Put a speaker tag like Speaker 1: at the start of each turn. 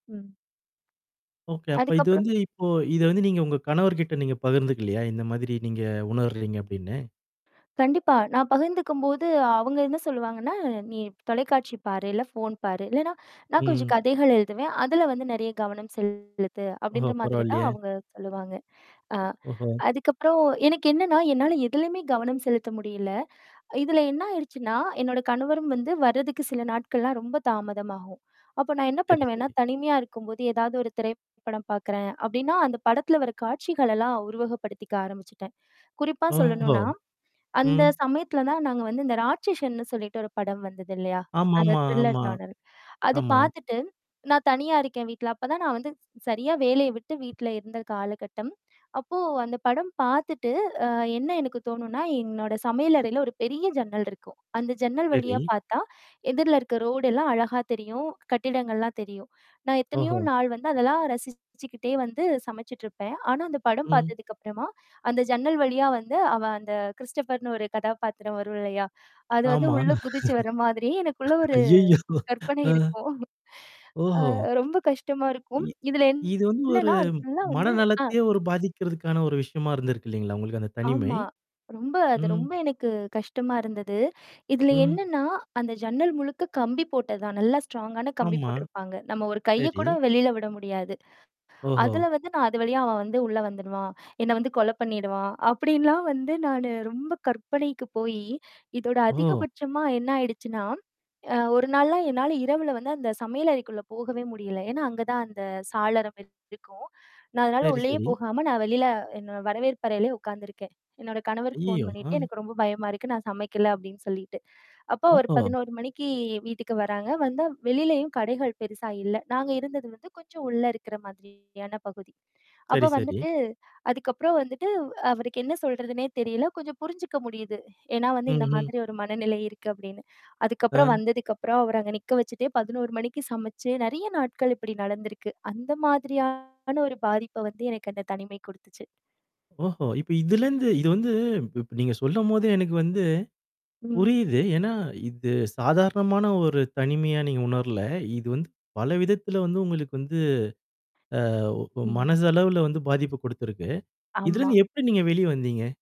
Speaker 1: ம்.
Speaker 2: ஒகே. அப்ப
Speaker 1: அதுக்கு
Speaker 2: இது
Speaker 1: அப்புறம்
Speaker 2: வந்து இப்போ இத வந்து நீங்க உங்க கணவர்கிட்ட நீங்க பகிர்ந்துக்குலையா? இந்த மாதிரி நீங்க உணருகிறீங்க அப்டின்னு!
Speaker 1: கண்டிப்பா. நான் பகிர்ந்துக்கும்போது, அவுங்க என்னா சொல்லுவாங்கன்னா? "நீ தொலைக்காட்சி பாரு இல்ல ஃபோன் பாரு" இல்லன்னா, நான் கொஞ்சம்
Speaker 2: ம்.
Speaker 1: கதைகள் எழுதுவேன். "அதில வந்து நெறையா கவனம் செலுத்து"
Speaker 2: ஓஹோ,
Speaker 1: அப்டின்ற மாதிரி தான்
Speaker 2: பரவால்லையே.
Speaker 1: அவுங்க சொல்லுவாங்க. அ
Speaker 2: ஓஹோ!
Speaker 1: அதுக்கப்புறம் எனக்கு என்னான்னா? என்னால எதிலயுமே கவனம் செலுத்த முடியல. இதில என்னா ஆயிடுச்சுன்னா? என்னோட கணவரும் வந்து வரதுக்கு சில நாட்கள்லாம் ரொம்ப தாமதமாகும். அப்போ நான் என்னா
Speaker 2: சரி
Speaker 1: பண்ணுவேன்னா?
Speaker 2: சரி.
Speaker 1: தனிமையா இருக்கும்போது ஏதாவது ஒரு திரைப்படம் பாக்குறேன் அப்டின்னா, அந்த படத்தில வர காட்சிகளெல்லாம் உருவகப்படுத்திக்க ஆரம்பிச்சுட்டேன். குறிப்பா
Speaker 2: ஓஹோ,
Speaker 1: சொல்லணுன்னா, அந்த
Speaker 2: ம்
Speaker 1: சமயத்துல தான் நாங்க வந்து இந்த ராட்சசன்னுன்னு சொல்லிட்டு ஒரு படம் வந்தது இல்லையா? அந்த
Speaker 2: ஆமா-ஆமா
Speaker 1: த்ரில்லர்
Speaker 2: ஆமா,
Speaker 1: நோடல் அது
Speaker 2: ஆமா.
Speaker 1: பாத்துட்டு, நான் தனியா இருக்கேன் வீட்ல. அப்பதான் நான் வந்து சரியா வேலைய விட்டு வீட்ல இருந்த காலகட்டம். அப்போ அந்த படம் பாத்துட்டு, அ என்னா எனக்கு தோணும்ன்னா, என்னோட சமையல் அறையில ஒரு பெரிய ஜன்னல் இருக்கும். அந்த ஜன்னல் வழியா
Speaker 2: சரி.
Speaker 1: பாத்தா எதிர்ல இருக்க ரோடுலாம் அழகா தெரியும், கட்டிடங்கள்லாம் தெரியும். நான் எத்தனையோ
Speaker 2: ஓஹோ!
Speaker 1: நாள் வந்து அதெல்லாம் ரசிச்சுக்கிட்டே வந்து சமைச்சிட்டுருப்பேன். ஆனா, அந்த படம்
Speaker 2: ம்.
Speaker 1: பாத்ததுக்கு அப்புறமா அந்த ஜன்னல் வழியா வந்து அவன் அந்த கிறிஸ்டோபர்ன்னு ஒரு கதாபாத்திரம் வரும் இல்லையா? அது வந்து
Speaker 2: ஆமா.
Speaker 1: உள்ள குதிச்சு வர மாதிரியே எனக்குள்ள ஒரு
Speaker 2: அய்யய்யோ!
Speaker 1: கற்பனை
Speaker 2: அ.
Speaker 1: இருக்கும்.
Speaker 2: ஓஹோ!
Speaker 1: அ ரொம்ப கஷ்டமா இருக்கும்.
Speaker 2: இ
Speaker 1: இதில
Speaker 2: இது வந்து ஒரு
Speaker 1: என்னான்னா, அது ஃபுல்லா வந்து ஆ
Speaker 2: மனநலத்தையே ஒரு பாதிக்கறதுக்கான ஒரு விஷயமா இருந்திருக்கு அ இல்லங்களா? உங்களுக்கு அந்த தனிமை!
Speaker 1: ஆமா. ரொம்ப அது
Speaker 2: ம்.
Speaker 1: ரொம்ப எனக்கு கஷ்டமா இருந்தது. இதில
Speaker 2: ம்.
Speaker 1: என்னான்னா, அந்த ஜன்னல் முழுக்க கம்பி போட்டதுதான். நல்லா ஸ்ட்ராங்கான கம்பி
Speaker 2: ஆமா.
Speaker 1: போட்டிருப்பாங்க. நம்ம ஒரு கைய
Speaker 2: சரி.
Speaker 1: கூட வெளில விட முடியாது.
Speaker 2: ஓஹோ!
Speaker 1: அதில வந்து நான் "அது வழியா அவன் வந்து உள்ள வந்துடுவான். என்னை வந்து கொலை பண்ணிடுவான்" அப்டின்லாம் வந்து நானு ரொம்ப கற்பனைக்கு போயி, இதோட
Speaker 2: ஓ.
Speaker 1: அதிகபட்சமா என்னா ஆயிடுச்சுன்னா, அ 1 நாள்லாம் என்னால இரவில வந்து அந்த சமையல் அறைக்குள்ள போகவே முடியல. ஏன்னா, அங்க தான் அந்த சாளரம் இருக்கும். நான் அதனால
Speaker 2: சரி
Speaker 1: உள்ளேயே
Speaker 2: சரி.
Speaker 1: போகாம, நான் வெளில என்னோ வரவேற்பு அறையிலயே உக்காந்துருக்கேன். என்னோட கணவருக்கு ஃபோன்
Speaker 2: அய்யய்யோ.
Speaker 1: பண்ணீட்டு
Speaker 2: அ.
Speaker 1: எனக்கு ரொம்ப பயமா இருக்கு. நான் சமைக்கல அப்டின்னு சொல்லீட்டு. அப்போ ஒரு
Speaker 2: ஓஹோ.
Speaker 1: 11:00 மணிக்கு வீட்டுக்கு வராங்க வந்தா வெளிலயும் கடைகள் பெருசா இல்ல. நாங்க இருந்தது வந்து கொஞ்சம் உள்ள இருக்குற மாதிரியான பகுதி
Speaker 2: சரி
Speaker 1: அப்போ
Speaker 2: சரி.
Speaker 1: வந்துட்டு அதுக்கப்புறம் வந்துட்டு, அவருக்கு என்னா சொல்றதுனே தெரியல! கொஞ்சம் புரிஞ்சுக்க முடியுது. ஏன்னா வந்து, "இந்த
Speaker 2: ம்ஹம்.
Speaker 1: மாதிரி ஒரு மனநிலை இருக்கு" அப்டின்னு. அதுக்கப்புறம்
Speaker 2: அ.
Speaker 1: வந்ததுக்கப்புறம் அவர அங்க நிக்க வச்சுட்டே 11:00 மணிக்கு சமைச்சு நெறையா நாட்கள் இப்படி நடந்திருக்கு. அந்த மாதிரியான ஒரு பாதிப்ப வந்து எனக்கு அந்த தனிமை குடுத்துச்சு.
Speaker 2: ஓஹோ! இப்ப இதிலிருந்து இது வந்து இப் இப்ப நீங்க சொல்லும்போதே, எனக்கு வந்து,
Speaker 1: ம்.
Speaker 2: புரியிது. ஏன்னா, இது சாதாரணமான ஒரு தனிமையா நீங்க உணர்ல. இது வந்து, பல விதத்தில வந்து உங்களுக்கு வந்து, ஆ ஓ
Speaker 1: ம்.
Speaker 2: மனசளவுல வந்து பாதிப்ப குடுத்திருக்கு.
Speaker 1: ஆமா.
Speaker 2: இதிலிருந்து எப்டி நீங்க வெளியே வந்தீங்க?